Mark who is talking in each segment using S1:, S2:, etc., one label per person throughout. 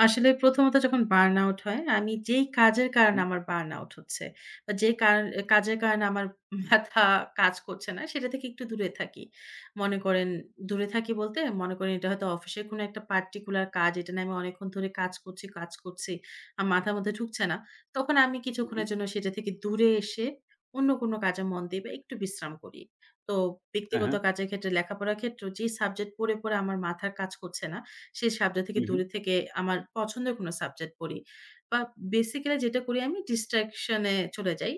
S1: আসলে প্রথমত যখন বার্ন আউট হয়, আমি যেই কাজের
S2: উ,
S1: কারণে
S2: হুম।
S1: আমার বার্ন আউট হচ্ছে। যে, কার কাজের কারণে আমার মাথা কাজ করছে না সেটা থেকে একটু দূরে থাকি। মনে করেন দূরে থাকি বলতে, মনে করেন এটা হয়তো অফিসের কোন একটা পার্টিকুলার কাজ। এটা না আমি অনেকক্ষণ ধরে কাজ করছি কাজ করছি আমার মাথার মধ্যে ঢুকছে না। তখন আমি
S2: উ, হুম।
S1: কিছুক্ষণের জন্য সেটা থেকে দূরে এসে অন্য কোন কাজে মন দেই বা একটু বিশ্রাম করি। তো
S2: হ্যাঁ,
S1: ব্যক্তিগত
S2: হ্যাঁ।
S1: কাজের ক্ষেত্রে লেখাপড়ার ক্ষেত্রেও যে, সাবজেক্ট পড়ে, পড়ে, আমার মাথার কাজ করছে না, সেই সাবজেক্ট থেকে
S2: হু, হুম।
S1: দূরে থেকে আমার পছন্দের কোন সাবজেক্ট পড়ি। বা বেসিক্যালি যেটা করি আমি distraction চলে যাই।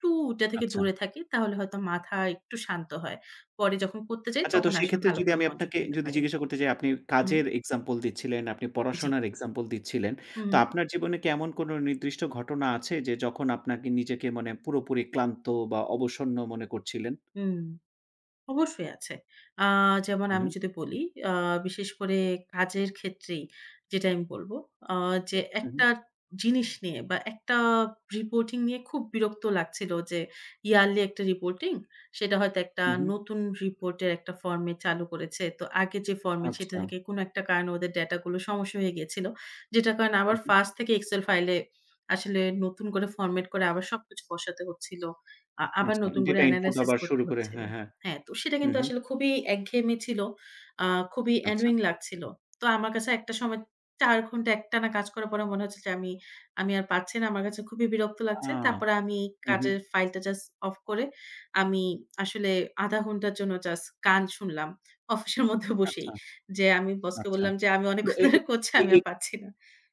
S1: টু ওটা থেকে
S2: আচ্ছা।
S1: দূরে থাকি তাহলে হয়তো মাথা একটু শান্ত হয়। পরে যখন করতে যাই,
S2: আচ্ছা। তো
S1: তখন আসলে
S2: সেক্ষেত্রে যদি
S1: ভালোভাবে
S2: আমি
S1: মনোযোগ
S2: আপনাকে
S1: দিতে
S2: যদি
S1: পারি।
S2: জিজ্ঞাসা করতে যাই আপনি
S1: উ হুম।
S2: কাজের এক্সাম্পল দিচ্ছিলেন, আপনি
S1: জি।
S2: পড়াশোনার এক্সাম্পল দিচ্ছিলেন।
S1: হু,
S2: তো
S1: হুম।
S2: আপনার জীবনে কি এমন কোন নির্দিষ্ট ঘটনা আছে যে, যখন আপনাকে নিজেকে মানে পুরোপুরি ক্লান্ত বা অবসন্ন মনে করছিলেন?
S1: হুম। অবশ্যই আছে। আ যেমন
S2: উ,
S1: আমি
S2: হুম।
S1: যদি বলি আ বিশেষ করে কাজের ক্ষেত্রেই যেটা আমি বলব। আ যে,
S2: উ,
S1: একটা
S2: হুম।
S1: জিনিস নিয়ে বা একটা রিপোর্টিং নিয়ে খুব বিরক্ত লাগছিল যে, ইয়ারলি একটা রিপোর্টিং সেটা হয়তো একটা
S2: হু, হুম।
S1: নতুন রিপোর্টের একটা ফরমেট চালু করেছে। তো আগে যে, ফরমেট, সেটা
S2: আচ্ছা।
S1: থেকে কোন একটা কারণে ওদের ড্যাটাগুলো সমস্যা হয়ে গিয়েছিল। যেটার কারণে আবার
S2: উ, হুম।
S1: ফার্স্ট থেকে এক্সেল ফাইলে আসলে নতুন করে ফরমেট করে আবার সবকিছু বসাতে হচ্ছিল। আ আবার
S2: আচ্ছা।
S1: নতুন করে
S2: ডেটা ইনপুট
S1: এনালাইসিস
S2: আবার শুরু
S1: করতে
S2: করে,
S1: হচ্ছিল।
S2: হ্যাঁ, হ্যাঁ।
S1: হ্যাঁ, তো সেটা
S2: হু,
S1: কিন্তু
S2: হুম।
S1: আসলে খুবই একঘেয়েমি ছিল। আ খুবই
S2: আচ্ছা।
S1: annoying লাগছিল। তো আমার কাছে একটা সময় ৪ ঘন্টা একটানা কাজ করার পরে মনে হচ্ছে যে, আমি, আমি, আর পারছি না। আমার কাছে খুবই বিরক্ত
S2: আ
S1: লাগছে। তারপরে আমি
S2: হু, হুম।
S1: কাজের ফাইলটা জাস্ট অফ করে আমি আসলে ০.৫ ঘন্টার জন্য জাস্ট গান শুনলাম। অফিসের মধ্যে
S2: আচ্ছা,
S1: বসেই যে, আমি বসকে
S2: আচ্ছা।
S1: বললাম যে, আমি
S2: তো
S1: অনেকক্ষণ
S2: এ, এ
S1: ধরে করছি,
S2: এ,
S1: আমি আর
S2: এ
S1: পারছি না